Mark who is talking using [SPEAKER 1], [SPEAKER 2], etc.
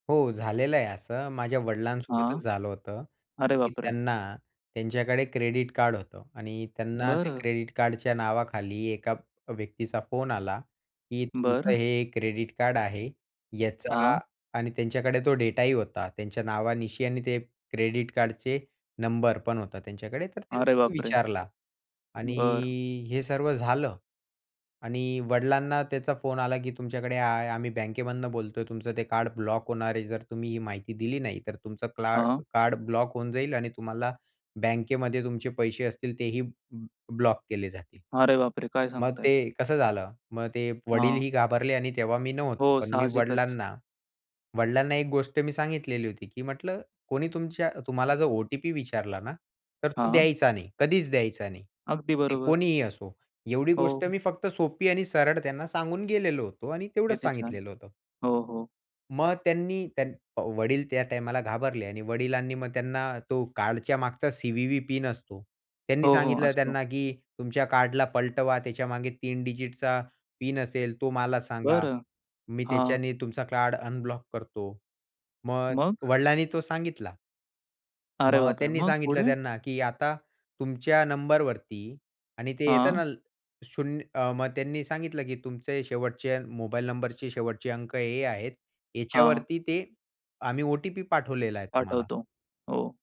[SPEAKER 1] हो, झालेलं आहे असं. माझ्या वडिलांसोबतच
[SPEAKER 2] हां.
[SPEAKER 1] झालं होतं
[SPEAKER 2] अरे
[SPEAKER 1] की
[SPEAKER 2] बापरे!
[SPEAKER 1] त्यांना त्यांच्याकडे क्रेडिट कार्ड होतं. आणि त्यांना त्या
[SPEAKER 2] बरं.
[SPEAKER 1] क्रेडिट कार्डच्या नावाखाली एका व्यक्तीचा फोन आला की "तुमचं
[SPEAKER 2] बरं.
[SPEAKER 1] हे क्रेडिट कार्ड आहे याचा"
[SPEAKER 2] हां.
[SPEAKER 1] आणि त्यांच्याकडे तो डेटाही होता त्यांच्या नावानिशी आणि ते क्रेडिट कार्डचे नंबर पण होते त्यांच्याकडे, तर
[SPEAKER 2] अरे
[SPEAKER 1] त्यांनी
[SPEAKER 2] बापरे!
[SPEAKER 1] विचारला आणि
[SPEAKER 2] बरं.
[SPEAKER 1] हे सर्व झालं आणि वडिलांना त्यांचा फोन आला की "तुमच्याकडे आय आम्ही बँकेमधून बोलतोय. तुमचं ते कार्ड ब्लॉक होणार आहे. जर तुम्ही ही माहिती दिली नाही, तर तुमचं क्ला
[SPEAKER 2] हां.
[SPEAKER 1] कार्ड ब्लॉक होऊन जाईल आणि तुम्हाला बँकेमध्ये तुमचे पैसे असतील तेही ब्लॉक केले जातील."
[SPEAKER 2] अरे बापरे! काय
[SPEAKER 1] मग
[SPEAKER 2] सांगताय?
[SPEAKER 1] ते कसं झालं. मग ते
[SPEAKER 2] हां.
[SPEAKER 1] वडीलही घाबरले आणि तेव्हा मी नव्हतो.
[SPEAKER 2] हो,
[SPEAKER 1] पण मी
[SPEAKER 2] साहजिकच.
[SPEAKER 1] वडिलांना वडिलांना एक गोष्ट सांगितलेली होती की म्हटलं, "कोणी तुमच्या तुम्हाला जर ओ-टी-पी विचारला ना, तर तो
[SPEAKER 2] हां.
[SPEAKER 1] द्यायचा नाही, कधीच द्यायचा नाही,
[SPEAKER 2] अगदी
[SPEAKER 1] ते
[SPEAKER 2] बरोबर.
[SPEAKER 1] कोणीही असो." एवढी गोष्ट
[SPEAKER 2] हो.
[SPEAKER 1] मी फक्त सोपी आणि सरळ त्यांना सांगून गेलेलो होतो आणि तेवढंच
[SPEAKER 2] किती छान.
[SPEAKER 1] सांगितलेलं होतं.
[SPEAKER 2] हो, हो.
[SPEAKER 1] मग त्यांनी, त्यांन अ, वडील त्या टाईमाला घाबरले आणि वडिलांनी मग त्यांना तो कार्डच्या मागचा सी-व्ही-व्ही पिन असतो त्यांनी
[SPEAKER 2] हो, हो,
[SPEAKER 1] सांगितलं
[SPEAKER 2] असतो.
[SPEAKER 1] त्यांना की "तुमच्या कार्ड पलटवा, त्याच्या मागे 3 डिजिटचा पिन असेल, तो मला सांगा,
[SPEAKER 2] बरं.
[SPEAKER 1] मी
[SPEAKER 2] हां.
[SPEAKER 1] त्याच्याने तुमचं कार्ड अनब्लॉक करतो." मग
[SPEAKER 2] मग?
[SPEAKER 1] वडिलांनी तो सांगितला.
[SPEAKER 2] अरे
[SPEAKER 1] मग
[SPEAKER 2] बापरे!
[SPEAKER 1] त्यांनी
[SPEAKER 2] मग
[SPEAKER 1] सांगितलं
[SPEAKER 2] पुढे?
[SPEAKER 1] त्यांना की "आता तुमच्या नंबर वरती" आणि ते येत
[SPEAKER 2] हां.
[SPEAKER 1] ना शून्य अ, मग त्यांनी सांगितलं की "तुमचे शेवटचे मोबाईल नंबरचे शेवटचे अंक हे आहेत.
[SPEAKER 2] हां.
[SPEAKER 1] याच्यावरती ते आम्ही ओ-टी-पी पाठवलेला आहे तुम्हाला."
[SPEAKER 2] पाठवतो. हो.